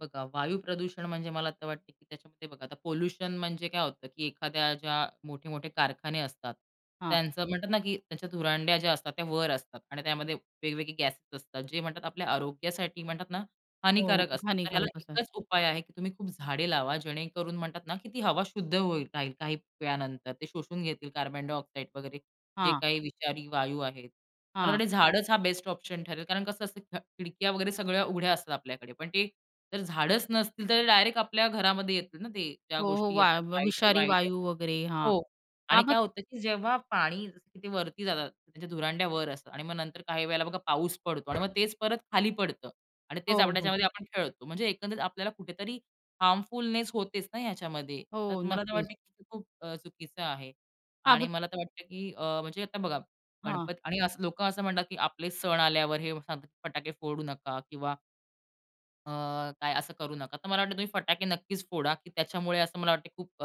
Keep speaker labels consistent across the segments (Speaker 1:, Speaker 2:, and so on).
Speaker 1: बघा, वायू प्रदूषण म्हणजे मला तर वाटतं की त्याच्यामध्ये बघा आता पोल्युशन म्हणजे काय होतं की एखाद्या ज्या मोठे-मोठे कारखाने असतात
Speaker 2: हां.
Speaker 1: त्यांचं म्हणतात ना की त्यांच्या धुरांड्या ज्या असतात त्या वर असतात. आणि त्यामध्ये वेगवेगळे गॅसेस असतात. जे म्हणतात आपल्या आरोग्यासाठी म्हणतात ना,
Speaker 2: हो.
Speaker 1: हानिकारक असतात. तर ह्याला
Speaker 2: हानिकारकच आहे.
Speaker 1: एकच उपाय आहे की तुम्ही खूप झाडे लावा. जेणेकरून म्हणतात ना की ती हवा शुद्ध होईल राहील. काही काही वेळानंतर ते शोषून घेतील कार्बन डायऑक्साईड वगैरे जे
Speaker 2: हां.
Speaker 1: काही विषारी वायू आहेत. मला
Speaker 2: हां.
Speaker 1: वाटतं झाडच हा बेस्ट ऑप्शन ठरेल कारण कसं असतं खिडक्या वगैरे सगळ्या उघड्या असतात आपल्याकडे पण ते जर झाडच नसतील तर डायरेक्ट आपल्या घरामध्ये येतील ना ते ज्या
Speaker 2: हो, हो.
Speaker 1: गोष्टी
Speaker 2: वा
Speaker 1: येतात
Speaker 2: व
Speaker 1: वाईट आहे,
Speaker 2: विषारी
Speaker 1: वाईट आहे.
Speaker 2: वायू वगैरे हां.
Speaker 1: हो.
Speaker 2: हां
Speaker 1: आणि
Speaker 2: मग
Speaker 1: काय होतं की जेव्हा पाणी वरती जातं त्यांच्या धुरांड्यावर असतं आणि मग नंतर काही वेळेला बघा पाऊस पडतो आणि मग तेच परत खाली पडतं. आणि तेच
Speaker 2: हो,
Speaker 1: आपण
Speaker 2: हो.
Speaker 1: त्याच्यामध्ये आपण खेळतो. म्हणजे एकंदरीत आपल्याला कुठेतरी हार्मफुलनेस होतेच ना याच्यामध्ये. तर
Speaker 2: हो.
Speaker 1: मला तर
Speaker 2: नक्कीच.
Speaker 1: वाटतं की खूप चुकीचं आहे.
Speaker 2: हां.
Speaker 1: आणि
Speaker 2: मग.
Speaker 1: मला तर वाटतं की अ, म्हणजे आता बघा
Speaker 2: हां.
Speaker 1: गणपत आणि लोक असं म्हणतात की आपले सण आल्यावर हे सांगतात फटाके फोडू नका किंवा अ, काय असं करू नका. तर मला वाटत तुम्ही फटाके नक्कीच फोडा की त्याच्यामुळे असं मला वाटतं खूप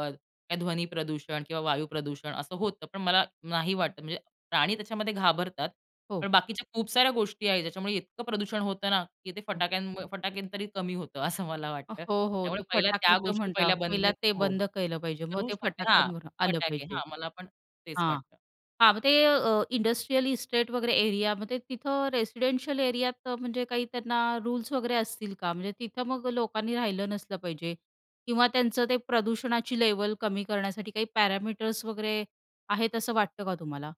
Speaker 1: ध्वनी प्रदूषण किंवा वायू प्रदूषण असं होतं. पण मला नाही वाटत. म्हणजे प्राणी त्याच्यामध्ये घाबरतात.
Speaker 2: हो.
Speaker 1: पण बाकीच्या खूप साऱ्या गोष्टी आहेत ज्याच्यामुळे इतकं प्रदूषण होतं ना की ते
Speaker 2: हो.
Speaker 1: फटाक्यांमुळे फटाक्यांनी तरी कमी होतं असं मला वाटतं.
Speaker 2: हो, हो.
Speaker 1: त्यामुळे
Speaker 2: ते
Speaker 1: पहिल्या त्या
Speaker 2: फटाक्याचं
Speaker 1: गोष्टी
Speaker 2: म्हणता
Speaker 1: पहिल्या बंद
Speaker 2: पहिले ते
Speaker 1: हो,
Speaker 2: बंद केलं पाहिजे. मग
Speaker 1: करू
Speaker 2: ते
Speaker 1: शकते हां
Speaker 2: फटाक्यांवर आलं
Speaker 1: फटाके
Speaker 2: पाहिजे.
Speaker 1: हां मला पण तेच
Speaker 2: हां.
Speaker 1: वाटतं.
Speaker 2: हां मग ते इंडस्ट्रियल इस्टेट वगैरे एरियामध्ये तिथं रेसिडेन्शियल एरियात, म्हणजे काही त्यांना रुल्स वगैरे असतील का? म्हणजे तिथं मग लोकांनी राहिलं नसलं पाहिजे किंवा त्यांचं ते प्रदूषणाची लेवल कमी करण्यासाठी काही पॅरामीटर्स वगैरे आहेत असं वाटतं का तुम्हाला?